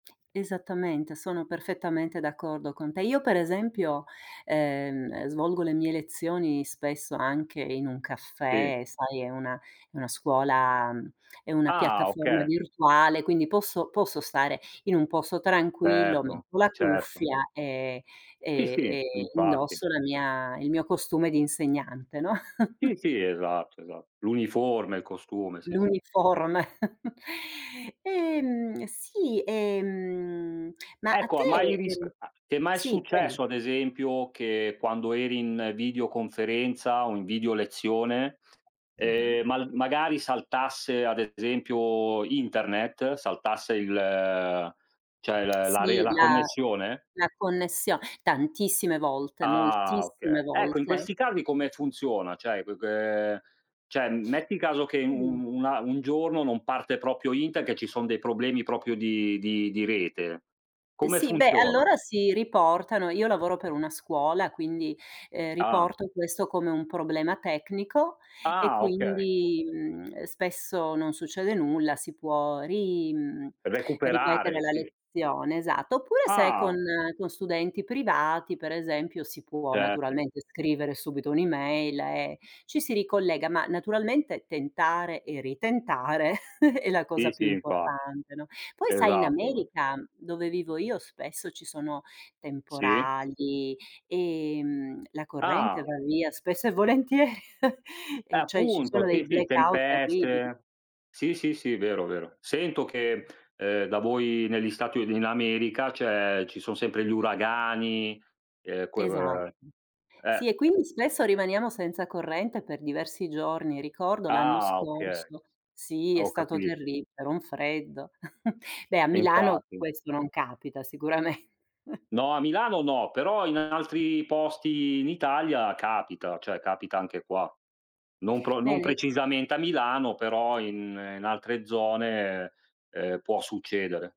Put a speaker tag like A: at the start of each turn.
A: Esattamente, sono perfettamente d'accordo con te. Io per esempio, ehm, svolgo le mie lezioni spesso anche in un
B: Sì.
A: caffè, sai è una è una scuola è una
B: Ah
A: piattaforma
B: okay.
A: virtuale, quindi posso posso stare in un posto tranquillo,
B: Certo,
A: metto la
B: certo sì.
A: cuffia e,
B: Sì,
A: ehm,
B: sì
A: ehm,
B: infatti.
A: indosso la mia il mio costume di insegnante, no?
B: Sì, sì esatto, esatt l'uniforme, il costume sì, sì.
A: L'uniforme. Ehm, sì, ehm, ma a
B: Ecco
A: te
B: ha mai risc
A: ehm
B: ti è mai
A: sì, prego.
B: successo, ad esempio, che quando eri in videoconferenza o in video lezione, ehm,
A: Mh-mh.
B: mal magari saltasse ad esempio internet, saltasse il, ehm, cioè la la
A: Sì,
B: re
A: la
B: connessione?
A: la connessio tantissime volte,
B: Ah
A: moltissime
B: okay. Ecco in
A: volte.
B: questi casi come funziona? Cioè qu qu ehm, cioè m metti caso che u u un a un giorno non parte proprio inter che ci sono dei problemi proprio di di di rete,
A: E
B: come
A: sì, beh,
B: funziona?
A: allora si riportano io lavoro per una scuola, quindi, ehm,
B: Ah.
A: riporto questo come un problema tecnico e
B: Ah okay.
A: quindi, mhmm, ehm, spesso non succede nulla, si può ri mhmm, ripetere
B: Recuperare
A: la
B: sì.
A: lezione, esatto. Oppure se con
B: Ah.
A: con studenti privati, per esempio, si può
B: Certo.
A: naturalmente scrivere subito un'email e ci si ricollega. Ma naturalmente tentare e ritentare è la
B: Sì,
A: cosa più
B: sì infatti.
A: importante, no, poi sai, in
B: Esatto.
A: America, dove vivo io, spesso ci sono
B: Sì.
A: temporali, ehm, la corrente
B: Ah!
A: va via spesso e volentieri.
B: Eh
A: E cioè ci sono
B: appunto
A: dei
B: sì, sì
A: blackout terribili.
B: tempeste Sì, sì, sì vero, vero. Sento che, uhm, da voi negli Stati U in America c'è ci sono sempre gli uragani, ehm, que que
A: Esatto.
B: uhm, eh.
A: Sì, e quindi spesso rimaniamo senza corrente per diversi giorni. Ricordo l'anno
B: Ah, okay.
A: scorso sì,
B: Ah
A: è
B: ho
A: stato
B: capito.
A: terri era un freddo. Beh, a
B: E
A: Milano
B: infatti.
A: questo non capita sicuramen
B: No a Milano no, però in altri posti in Italia capita, cioè capita anche qua. Non pro
A: Le
B: non
A: lei
B: precisamente a Milano però in in altre zone, ehm, può succedere.